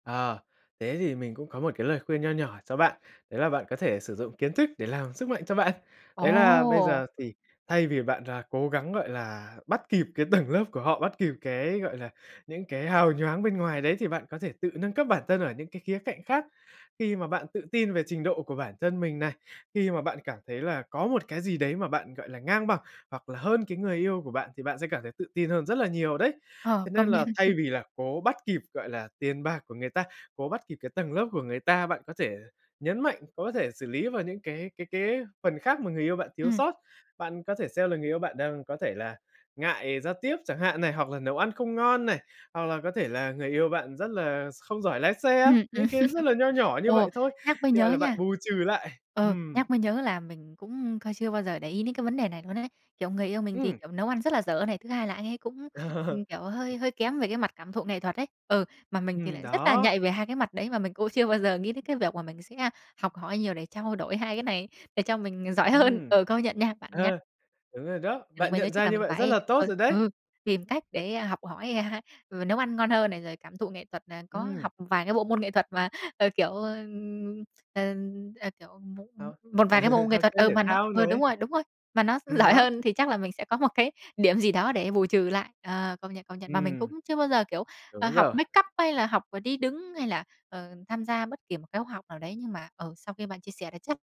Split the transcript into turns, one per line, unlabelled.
À, thế thì mình cũng có một cái lời khuyên nho nhỏ cho bạn. Đấy là bạn có thể sử dụng kiến thức để làm sức mạnh cho bạn. Đấy là bây
Ồ!
giờ thì thay vì bạn rà cố gắng, gọi là, bắt kịp cái tầng lớp của họ, bắt kịp cái, gọi là, những cái hào nhoáng bên ngoài đấy thì bạn có thể tự nâng cấp bản thân ở những cái khía cạnh khác. Khi mà bạn tự tin về trình độ của bản thân mình này, khi mà bạn cảm thấy là có một cái gì đấy mà bạn, gọi là, ngang bằng hoặc là hơn cái người yêu của bạn thì bạn sẽ cảm thấy tự tin hơn rất là nhiều đấy.
Ờ,
Thế nên
công nhận.
là thay vì là cố bắt kịp, gọi là, tiền bạc của người ta, cố bắt kịp cái tầng lớp của người ta, bạn có thể nhấn mạnh, có thể xử lý vào những cái cái cái phần khác mà người yêu bạn thiếu
Ừm.
sót. Bạn có thể xem là người yêu bạn đang có thể là ngại giao tiếp chẳng hạn này, hoặc là nấu ăn không ngon này, hoặc là có thể là người yêu bạn rất là không giỏi lái xe,
Ừm, ừm.
những cái rất là nho nhỏ như
Ồ,
vậy thôi,
nhắc mới
như vậy
nhớ
là bạn
nha
bù trừ lại.
ừ,
Ừm.
nhắc mới nhớ là mình cũng kh chưa bao giờ để ý đến cái vấn đề này luôn ấy. Kiểu người yêu mình thì,
Ừm.
kiểu, nấu ăn rất là dở này, thứ hai là anh ấy cũng, ừm, kiểu, hơi hơi kém về cái mặt cảm thụ nghệ thuật ấy. Ừ, mà mình thì
Ừm.
lại rất là
đó.
nhạy về hai cái mặt đấy mà mình cũng chưa bao giờ nghĩ đến cái việc mà mình sẽ học hỏi nhiều để trao đổi hai cái này, để cho mình, à, giỏi hơn.
Ừm.
Ừ, công nhận nha, bạn nhắc
Ờ, đúng rồi đó,
thì mình
bạn
mới nhớ
nhận
chắc
ra
là
như
mình
vậy rất
phải
là tốt
ờ,
rồi đấy!
ừ, tìm cách để, a, học hỏi, à, ừ, nấu ăn ngon hơn này, rồi cảm thụ nghệ thuật là có
Ừm.
học một vài cái bộ môn nghệ thuật mà, ờ, kiểu, ơ, ờ, ờ, kiểu, mộ
Học
một vài cái bộ môn nghệ
học
thuật.
chơi
Ừ,
thể
mà nó
thao
ừ, đúng
này.
rồi, đúng rồi. Mà nó gi
Ừm,
giỏi
đó.
hơn thì chắc là mình sẽ có một cái điểm gì đó để bù trừ lại. Ờ, công nhận, công nhận. Mà mình cũng
Ừm.
chưa bao giờ, kiểu, ờ,
Đúng
học
rồi.
make up hay là học, ờ, đi đứng hay là, ờ, tham gia bất kỳ một cái khoá học nào đấy nhưng mà, ừ, sau khi bạn chia sẻ thì chắc